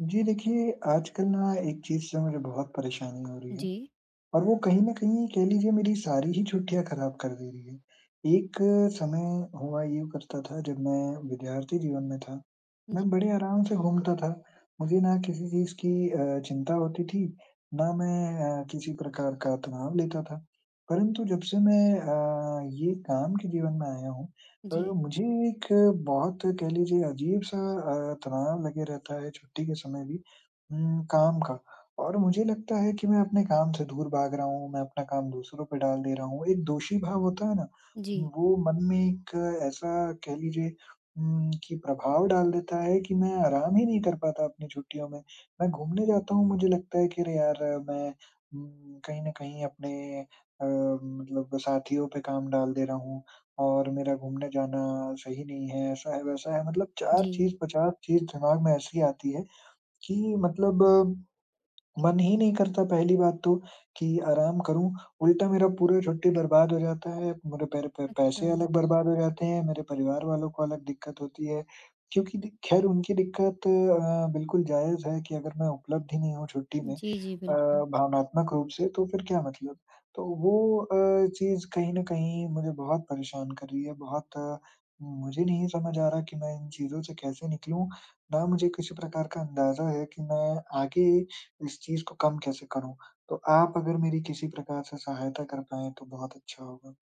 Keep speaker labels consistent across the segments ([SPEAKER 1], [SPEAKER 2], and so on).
[SPEAKER 1] जी, देखिए, आजकल ना एक चीज़ से मुझे बहुत परेशानी हो रही है
[SPEAKER 2] जी।
[SPEAKER 1] और वो कहीं न कहीं कह लीजिए मेरी सारी ही छुट्टियाँ खराब कर दे रही है, एक समय हुआ यूँ करता था जब मैं विद्यार्थी जीवन में था,
[SPEAKER 2] जी।
[SPEAKER 1] मैं बड़े आराम से घूमता था। मुझे ना किसी चीज़ की अ, चिंता होती थी, ना मैं अ, किसी प्रकार का तनाव लेता था, परंतु जब से मैं अ, ये काम के जीवन में आया हूँ, पर
[SPEAKER 2] जी।
[SPEAKER 1] मुझे एक बहुत कह लीजिए अजीब-सा अ, तनाव लगे रहता है छुट्टी के समय भी उम, काम का और मुझे लगता है कि मैं अपने काम से दूर भाग रहा हूँ, मैं अपना काम दूसरों पे डाल दे रहा हूँ। एक दोषी भाव होता है ना?
[SPEAKER 2] जी।
[SPEAKER 1] वो मन में एक ऐसा कह लीजिए उम, कि प्रभाव डाल देता है कि मैं आराम ही नहीं कर पाता अपनी छुट्टियों में। मैं घूमने जाता हूँ, मुझे लगता है कि अरे यार, मैं उम, कहीं न कहीं अपने अ, मतलब साथियों पे काम डाल दे रहा हूँ और मेरा घूमने जाना सही नहीं है ऐसा है, वैसा है, मतलब 4
[SPEAKER 2] जी।
[SPEAKER 1] चीज़, 50 चीज़ दिमाग में ऐसी आती हैं, कि मतलब मन ही नहीं करता पहली बात तो कि आराम करूँ, उल्टा मेरा पूरा छुट्टी बर्बाद हो जाता है। मेरे पैर पे पैसे
[SPEAKER 2] अच्छा।
[SPEAKER 1] अलग बर्बाद हो जाते हैं, मेरे परिवार वालों को अलग दिक्कत होती है, क्योंकि दे खैर उनकी दिक्कत अ, बिल्कुल जायज़ है कि अगर मैं उपलब्ध ही नहीं हूँ छुट्टी में
[SPEAKER 2] जी, जी,
[SPEAKER 1] अ,
[SPEAKER 2] बिल्कुल।
[SPEAKER 1] भावनात्मक रूप से, तो फिर क्या मतलब। तो वो अ, चीज़ कहीं न कहीं मुझे बहुत परेशान कर रही है बहुत, मुझे नहीं समझ आ रहा कि मैं इन चीज़ों से कैसे निकलूँ, ना मुझे किसी प्रकार का अंदाज़ा है कि मैं आगे इस चीज़ को कम कैसे करूँ। तो आप अगर मेरी किसी प्रकार से सहायता कर पाएँ तो बहुत अच्छा होगा।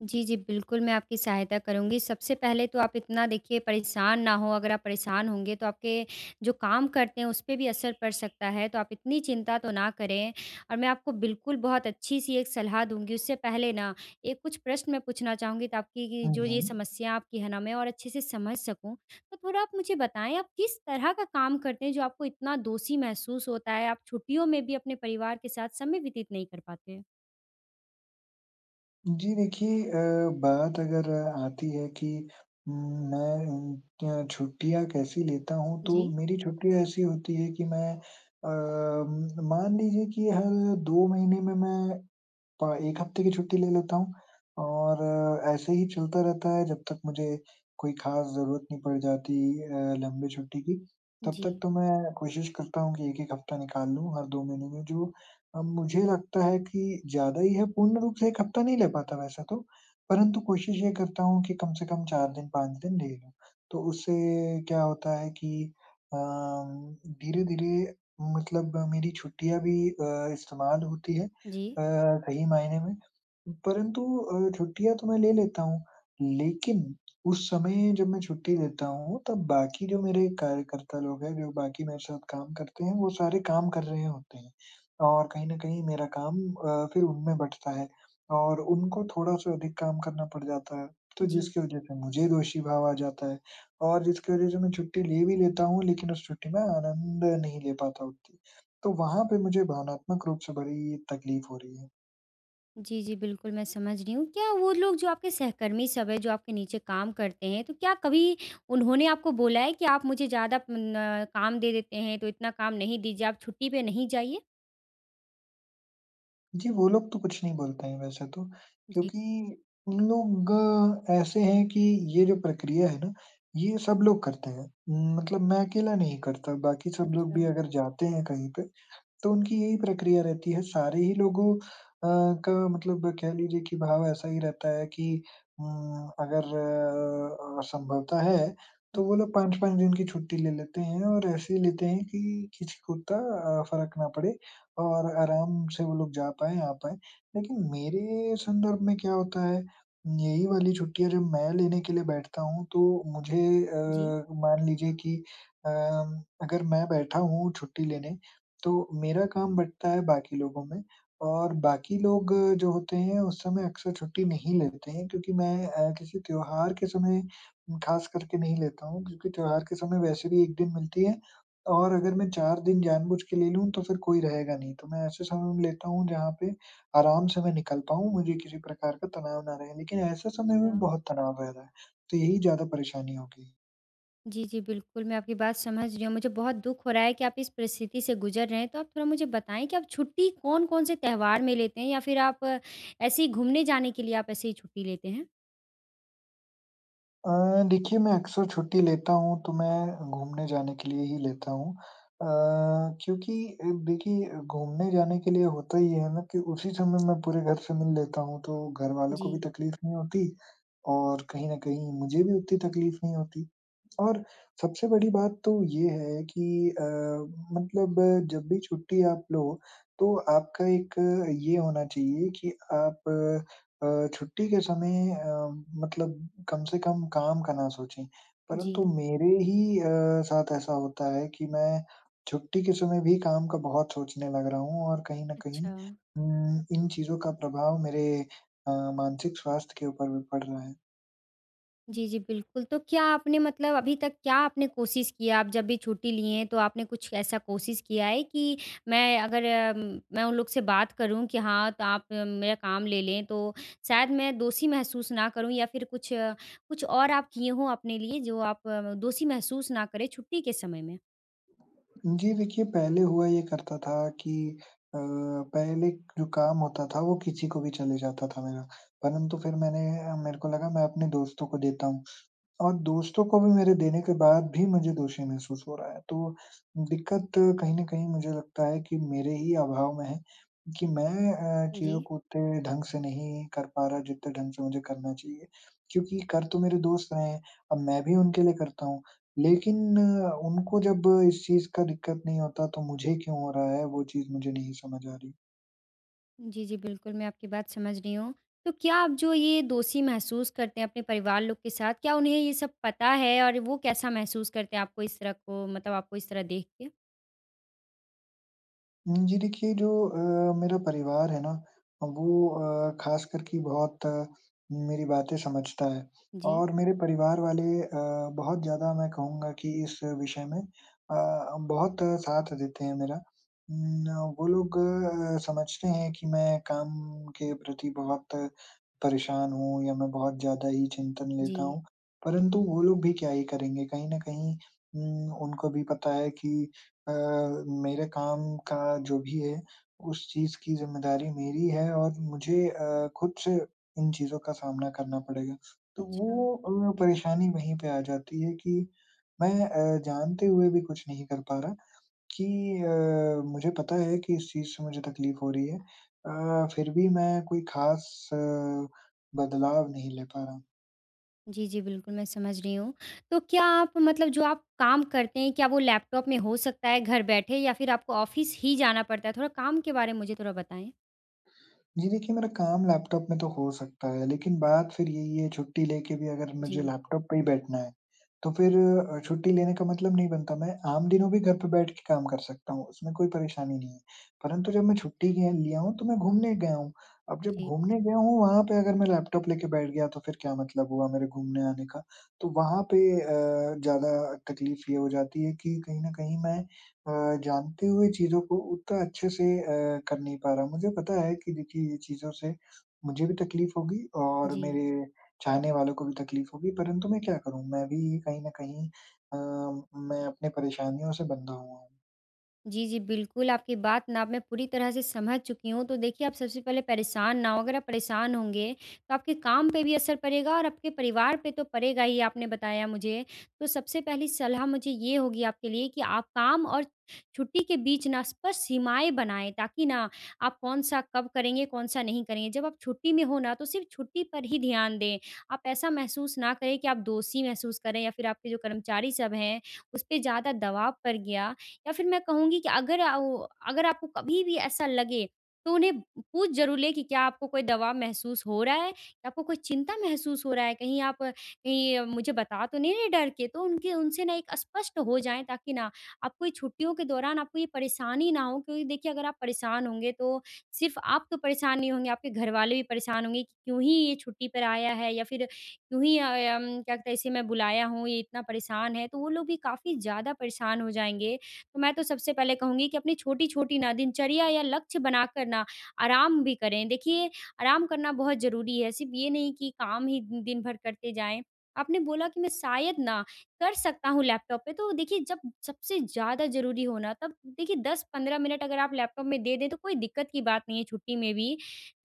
[SPEAKER 2] जी, जी, बिल्कुल, मैं आपकी सहायता करूँगी। सबसे पहले तो आप इतना देखिए परेशान ना हों। अगर आप परेशान होंगे, तो आपके जो काम करते हैं, उस पे भी असर पड़ सकता है, तो आप इतनी चिंता तो ना करें। और मैं आपको बिल्कुल बहुत अच्छी-सी एक सलाह दूँगी। उससे पहले ना, एक कुछ प्रश्न मैं पूछना चाहूँगी, तो आपकी गी
[SPEAKER 1] हुँ,
[SPEAKER 2] जो ये
[SPEAKER 1] हुँ।
[SPEAKER 2] समस्या आपकी है ना, मैं और अच्छे से समझ सकूँ। तो थोड़ा आप मुझे बताएँ, आप किस तरह का काम करते हैं, जो आपको इतना दोषी महसूस होता है? आप छुट्टियों में भी अपने परिवार के साथ समय व्यतीत नहीं कर पाते?
[SPEAKER 1] जी, देखिए अ, बात अगर आती है कि मैं उम, अ, छुट्टियाँ कैसी लेता हूँ, तो
[SPEAKER 2] जी।
[SPEAKER 1] मेरी छुट्टियाँ ऐसी होती हैं कि मैं अ, उम, मान लीजिए कि हर 2 महीने में मैं प 1 हफ़्ते की छुट्टी ले लेता हूँ। और ऐसे ही चलता रहता है, जब तक मुझे कोई ख़ास ज़रूरत नहीं पड़ जाती अ, लंबी छुट्टी की, तब तक
[SPEAKER 2] जी।
[SPEAKER 1] तो मैं कोशिश करता हूँ कि 1-1 हफ़्ता निकाल लूँ हर 2 महीने में, जो अ, मुझे लगता है कि ज़्यादा ही है। पूर्ण रूप से 1 हफ़्ता नहीं ले पाता वैसा तो। परंतु कोशिश ये करता हूँ कि कम से कम 4 दिन, 5 दिन ले लूँ। तो उससे क्या होता है कि अम, धीरे-धीरे मतलब मेरी छुट्टियाँ भी अ, इस्तेमाल होती हैं,
[SPEAKER 2] जी।
[SPEAKER 1] अ, सही मायने में। परंतु अ, छुट्टियाँ तो मैं ले लेता हूँ, लेकिन उस समय जब मैं छुट्टी लेता हूँ, तब बाकी जो मेरे कार्यकर्ता लोग हैं, जो बाकी मेरे साथ काम करते हैं, वो सारे काम कर रहे होते हैं और कहीं न कहीं मेरा काम अ, फिर उनमें बँटता है। और उनको थोड़ा-सा अधिक काम करना पड़ जाता है, तो
[SPEAKER 2] जी।
[SPEAKER 1] जिसकी वजह से मुझे दोषी भाव आ जाता है, और जिसकी वजह से मैं छुट्टी ले भी लेता हूँ, लेकिन उस छुट्टी में आनंद नहीं ले पाता उतनी। तो वहाँ पे मुझे भावनात्मक रूप से बड़ी तक़लीफ़ हो रही है।
[SPEAKER 2] जी, जी, बिल्कुल मैं समझ रही हूँ। क्या वो लोग जो आपके सहकर्मी सब हैं, जो आपके नीचे काम करते हैं, तो क्या कभी उन्होंने आपको बोला है कि आप मुझे ज़्यादा प न काम दे देते हैं, तो इतना काम नहीं दीजिए, आप छुट्टी पे नहीं जाइए?
[SPEAKER 1] जी, वो लोग तो कुछ नहीं बोलते हैं वैसे तो,
[SPEAKER 2] जी।
[SPEAKER 1] क्योंकि उन लोग ऐसे हैं कि ये जो प्रक्रिया है ना, ये सब लोग करते हैं। मतलब मैं अकेला नहीं करता, बाकी सब लोग
[SPEAKER 2] अच्छा।
[SPEAKER 1] भी अगर जाते हैं कहीं पे, तो उनकी यही प्रक्रिया रहती है, सारे ही लोगों अ, का मतलब कह लीजिए कि भाव ऐसा ही रहता है कि उम, अगर अ अ, संभवतः है,
[SPEAKER 2] हुँ।
[SPEAKER 1] तो वो लोग 5-5 दिन की छुट्टी ले लेते हैं और ऐसे लेते हैं कि, किसी को इत्ता अ, फ़र्क ना पड़े और आराम से वो लोग जा पाएँ, आ पाएँ। लेकिन मेरे संदर्भ में क्या होता है उम, यही वाली छुट्टियाँ जब मैं लेने के लिए बैठता हूँ तो मुझे
[SPEAKER 2] जी।
[SPEAKER 1] अ, मान लीजिए कि अम, अगर मैं बैठा हूँ छुट्टी लेने, तो मेरा काम बटता है बाकी लोगों में और बाकी लोग जो होते हैं, उस समय अक्सर छुट्टी नहीं लेते हैं क्योंकि मैं अ, किसी त्योहार के समय उम, ख़ासकर के नहीं लेता हूँ, क्योंकि त्योहार के समय वैसे भी 1 दिन मिलती है। और अगर मैं 4 दिन जानबूझ के ले लूँ, तो फिर कोई रहेगा नहीं, तो मैं ऐसे समय में लेता हूँ जहाँ पे आराम से मैं निकल पाऊँ, मुझे किसी प्रकार का तनाव ना रहे लेकिन ऐसे समय में भी
[SPEAKER 2] अच्छा।
[SPEAKER 1] बहुत तनाव रह रहा है। तो यही ज़्यादा परेशानी हो गई।
[SPEAKER 2] जी, जी, बिल्कुल, मैं आपकी बात समझ रही हूँ। मुझे बहुत दुःख हो रहा है कि आप इस परिस्थिति से गुज़र रहे हैं। तो आप थोड़ा मुझे बताएँ कि आप छुट्टी कौन-कौन से त्योहार में लेते हैं? या फिर आप ऐसे ही घूमने जाने के लिए आप ऐसे ही छुट्टी लेते हैं?
[SPEAKER 1] अ, देखिए मैं अक्सर छुट्टी लेता हूँ तो मैं घूमने जाने के लिए ही लेता हूँ। अ, क्योंकि देखिए घूमने जाने के लिए होता ये है ना कि उसी समय मैं पूरे घर से मिल लेता हूँ तो घर वालों को भी
[SPEAKER 2] जी।
[SPEAKER 1] तकलीफ़ नहीं होती और कहीं न कहीं मुझे भी उतनी तकलीफ़ नहीं होती। और सबसे बड़ी बात तो ये है कि अ, मतलब जब भी छुट्टी आप लो तो आपका एक ये होना चाहिए कि आप अ अ, छुट्टी के समय अ, मतलब कम से कम काम का ना सोचें। परंतु
[SPEAKER 2] जी।
[SPEAKER 1] मेरे ही अ, साथ ऐसा होता है कि मैं छुट्टी के समय भी काम का बहुत सोचने लग रहा हूँ और कहीं न कहीं
[SPEAKER 2] अच्छा।
[SPEAKER 1] उम, इन चीज़ों का प्रभाव मेरे अ, मानसिक स्वास्थ्य के ऊपर भी पड़ रहा है।
[SPEAKER 2] जी, जी, बिल्कुल। तो क्या आपने मतलब अभी तक क्या आपने कोशिश किया आप जब भी छुट्टी लिए हैं तो आपने कुछ ऐसा कोशिश किया है कि मैं अगर, मैं उन लोग से बात करूँ कि हाँ, तो आप मेरा काम ले लें तो शायद मैं दोषी महसूस ना करूँ? या फिर कुछ अ, कुछ और आप किए हो अपने लिए जो आप अ, दोषी महसूस न करें छुट्टी के समय में?
[SPEAKER 1] उम, जी, देखिए पहले हुआ ये करता था कि अ, पहले जो काम होता था, वो किसी को भी चले जाता था मेरा, परंतु फिर मैंने अ, मेरे को लगा मैं अपने दोस्तों को देता हूँ और दोस्तों को भी मेरे देने के बाद भी मुझे दोषी महसूस हो रहा है, तो दिक्कत कहीं न कहीं मुझे लगता है कि मेरे ही अभाव में है, कि मैं अ, चीज़ों
[SPEAKER 2] जी।
[SPEAKER 1] को उतने ढंग से नहीं कर पा रहा, जितने ढंग से मुझे करना चाहिए, क्योंकि कर तो मेरे दोस्त रहे हैं। अब मैं भी उनके लिए करता हूँ, लेकिन उनको जब इस चीज़ का दिक्कत नहीं होता तो मुझे क्यों हो रहा है, वो चीज़ मुझे नहीं समझ आ रही।
[SPEAKER 2] जी, जी, बिल्कुल, मैं आपकी बात समझ रही हूँ। तो क्या आप जो ये दोषी महसूस करते हैं अपने परिवार लोग के साथ, क्या उन्हें ये सब पता है? और वो कैसा महसूस करते हैं आपको इस तरह को मतलब आपको इस तरह देख के?
[SPEAKER 1] उम, जी, देखिए जो अ, मेरा परिवार है ना अ, वो अ, ख़ासकर कि बहुत मेरी बातें समझता है
[SPEAKER 2] जी।
[SPEAKER 1] और मेरे परिवार वाले अ, बहुत ज़्यादा मैं कहूँगा कि इस विषय में अ, बहुत साथ देते हैं मेरा। उम, न वो लोग अ, समझते हैं कि मैं काम के प्रति बहुत परेशान हूँ या मैं बहुत ज़्यादा ही चिंतन लेता
[SPEAKER 2] जी।
[SPEAKER 1] हूँ, परंतु वो लोग भी क्या ही करेंगे, कहीं न कहीं उम, उनको भी पता है कि अ, मेरे काम का जो भी है, उस चीज़ की ज़िम्मेदारी मेरी है और मुझे अ, खुद से इन चीज़ों का सामना करना पड़ेगा। तो
[SPEAKER 2] अच्छा।
[SPEAKER 1] वो अ, परेशानी वहीं पे आ जाती है कि मैं अ, जानते हुए भी कुछ नहीं कर पा रहा, कि अ, मुझे पता है कि इस चीज़ से मुझे तकलीफ हो रही है अ, फिर भी मैं कोई खास बदलाव नहीं ले पा रहा।
[SPEAKER 2] जी, जी, बिल्कुल मैं समझ रही हूँ। तो क्या आप मतलब जो आप काम करते हैं, क्या वो लैपटॉप में हो सकता है घर बैठे, या फिर आपको ऑफ़िस ही जाना पड़ता है? थोड़ा काम के बारे में मुझे थोड़ा बताएँ।
[SPEAKER 1] जी, देखिए, मेरा काम लैपटॉप में तो हो सकता है, लेकिन बात फिर यही है, छुट्टी लेके भी अगर मुझे
[SPEAKER 2] जी।
[SPEAKER 1] लैपटॉप पे ही बैठना है, तो फिर अ, छुट्टी लेने का मतलब नहीं बनता। मैं आम दिनों भी घर पे बैठ के काम कर सकता हूँ, उसमें कोई परेशानी नहीं है। परंतु जब मैं छुट्टी लिए लिया हूँ, तो मैं घूमने गया हूँ। अब जब
[SPEAKER 2] जी।
[SPEAKER 1] घूमने गया हूँ, वहाँ पे अगर मैं लैपटॉप लेके बैठ गया, तो फिर क्या मतलब हुआ मेरे घूमने आने का? तो वहाँ पे अ, ज़्यादा तकलीफ ये हो जाती है कि कहीं न कहीं मैं अ, जानते हुए चीज़ों को उतना अच्छे से अ, कर नहीं पा रहा हूँ। मुझे पता है कि देखिए, ये चीज़ों से मुझे भी तकलीफ़ होगी और
[SPEAKER 2] जी।
[SPEAKER 1] मेरे चाहने वालों को भी तकलीफ़ होगी परंतु मैं क्या करूँ? मैं भी कहीं न कहीं अ, मैं अपने परेशानियों से बँधा हुआ हूँ।
[SPEAKER 2] जी, जी, बिल्कुल, आपकी बात ना मैं पूरी तरह से समझ चुकी हूँ। तो देखिए, आप सबसे पहले परेशान ना हों। अगर आप परेशान होंगे, तो आपके काम पे भी असर पड़ेगा और आपके परिवार पे तो पड़ेगा ही, आपने बताया मुझे। तो सबसे पहली सलाह मुझे ये होगी आपके लिए कि आप काम और छुट्टी के बीच ना स्पष्ट सीमाएँ बनाएँ, ताकि ना, आप कौन-सा कब करेंगे, कौन-सा नहीं करेंगे। जब आप छुट्टी में हों ना, तो सिर्फ छुट्टी पर ही ध्यान दें। आप ऐसा महसूस ना करें कि आप दोषी महसूस करें या फिर आपके जो कर्मचारी सब हैं, उस पे ज़्यादा दबाव पड़ गया या फिर मैं कहूँगी कि अगर आ वो अगर आपको कभी भी ऐसा लगे, तो उन्हें पूछ ज़रूर लें कि, "क्या आपको कोई दबाव महसूस हो रहा है या आपको कोई चिंता महसूस हो रहा है? कहीं आप ये मुझे बता तो नहीं रहे डर के?" तो उनके उनसे ना एक अ, स्पष्ट हो जाएँ, ताकि ना, आपको ये छुट्टियों के दौरान आपको ये परेशानी ना हो। क्योंकि देखिए, अगर आप परेशान होंगे, तो सिर्फ आप तो परेशान नहीं होंगे, आपके घर वाले भी परेशान होंगे कि क्यों ही ये छुट्टी पर आया है, या फिर क्यों ही अ, अम, क्या कहते हैं इसे मैं बुलाया हूँ? ये इतना परेशान है। तो वो लोग भी काफ़ी ज़्यादा परेशान हो जाएँगे। तो मैं तो सबसे पहले कहूँगी कि अपनी छोटी-छोटी ना दिनचर्या या लक्ष्य बनाकर ना, आराम भी करें। देखिए, आराम करना बहुत ज़रूरी है। सिर्फ ये नहीं कि काम ही दिन भर करते जाएँ। आपने बोला कि मैं शायद ना, कर सकता हूँ लैपटॉप पे, तो देखिए, जब सबसे ज़्यादा ज़रूरी हो ना, तब देखिए, 10-15 मिनट अगर आप लैपटॉप में दे दें, तो कोई दिक्कत की बात नहीं है छुट्टी में भी,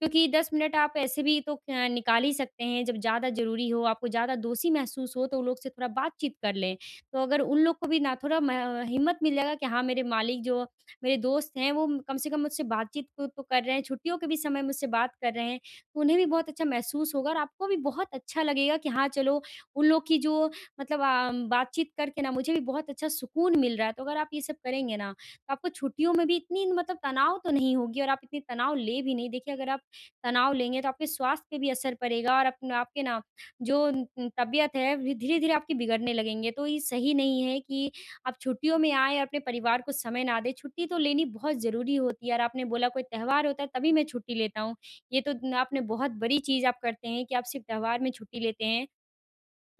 [SPEAKER 2] क्योंकि 10 मिनट आप ऐसे भी तो क निकाल ही सकते हैं। जब ज़्यादा ज़रूरी हो, आपको ज़्यादा दोषी महसूस हो, तो वो लोग से थोड़ा बातचीत कर लें। तो अगर उन लोग को भी ना थोड़ा म हिम्मत मिलेगा कि हाँ, मेरे मालिक जो मेरे दोस्त हैं, वो म कम से कम मुझसे बातचीत खुद तो कर रहे हैं। छुट्टियों के भी समय मुझसे बात कर रहे हैं, तो उन्हें भी बहुत अच्छा महसूस होगा और आपको भी बहुत अच्छा लगेगा कि हाँ, चलो, उन लोग की जो मतलब अम, बातचीत करके ना मुझे भी बहुत अच्छा सुकून मिल रहा है। तो अगर आप ये सब करेंगे ना, तो आपको छुट्टियों में भी इतनी मतलब तनाव तो नहीं होगी, और आप इतनी तनाव लें भी नहीं देखिए, अगर आप तनाव लेंगे, तो आपके स्वास्थ्य पे भी असर पड़ेगा और अपना आपके ना, जो न उम, तबीयत है, धीरे-धीरे आपकी बिगड़ने लगेंगे। तो ये सही नहीं है कि आप छुट्टियों में आएँ, अपने परिवार को समय ना दें। छुट्टी तो लेनी बहुत ज़रूरी होती है और आपने बोला कोई त्योहार होता है, तभी मैं छुट्टी लेता हूँ। ये तो न आपने बहुत बड़ी चीज़ आप करते हैं कि आप सिर्फ त्योहार में छुट्टी लेते हैं।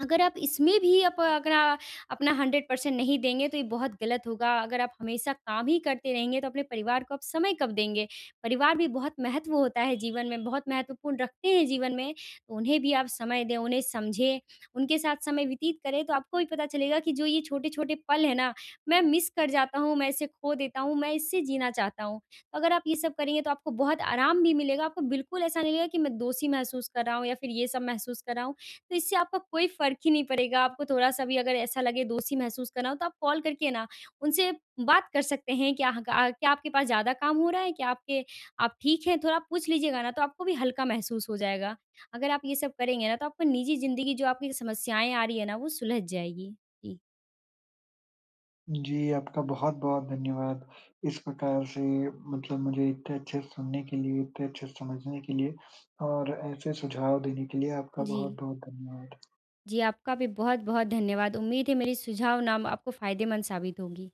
[SPEAKER 2] अगर आप इसमें भी आप अगर आ अपना 100% परसेंट नहीं देंगे, तो ये बहुत गलत होगा। अगर आप हमेशा काम ही करते रहेंगे, तो अपने परिवार को आप समय कब देंगे? परिवार भी बहुत महत्व होता है जीवन में, बहुत महत्वपूर्ण रखते हैं जीवन में। उन्हें भी आप समय दें, उन्हें समझें, उनके साथ समय व्यतीत करें, तो आपको भी पता चलेगा कि जो ये छोटे-छोटे पल हैं ना, मैं मिस कर जाता हूँ, मैं इसे खो देता हूँ, मैं इसे जीना चाहता हूँ। अगर आप ये सब करेंगे, तो आपको बहुत आराम भी मिलेगा। आपको बिल्कुल ऐसा नहीं है कि मैं दोषी महसूस कर रहा हूँ या फिर ये सब महसूस कर रहा हूँ। तो इससे आपको कोई फ़र्क ही नहीं पड़ेगा, आपको थोड़ा-सा भी अगर ऐसा लगे, दोषी महसूस करना हो, तो आप कॉल करके ना, उनसे बात कर सकते हैं, "क्या ह का क्या आपके पास ज़्यादा काम हो रहा है? क्या आपके आप ठीक हैं?" थोड़ा आप पूछ लीजिएगा ना, तो आपको भी हल्का महसूस हो जाएगा। अगर आप ये सब करेंगे ना, तो आपका निजी ज़िंदगी जो आपकी समस्याएँ आ रही हैं ना, वो सुलझ जाएँगी। जी।
[SPEAKER 1] जी, आपका बहुत-बहुत धन्यवाद। इस प्रकार से मतलब मुझे इतने अच्छे सुनने के लिए, इतने अच्छे से समझने के लिए और ऐसे सुझाव देने के लिए आपका
[SPEAKER 2] जी।
[SPEAKER 1] बहुत-बहुत धन्यवाद।
[SPEAKER 2] जी, आपका भी बहुत-बहुत धन्यवाद। उम्मीद है, मेरी सुझाव ना म आपको फायदेमंद साबित होंगी।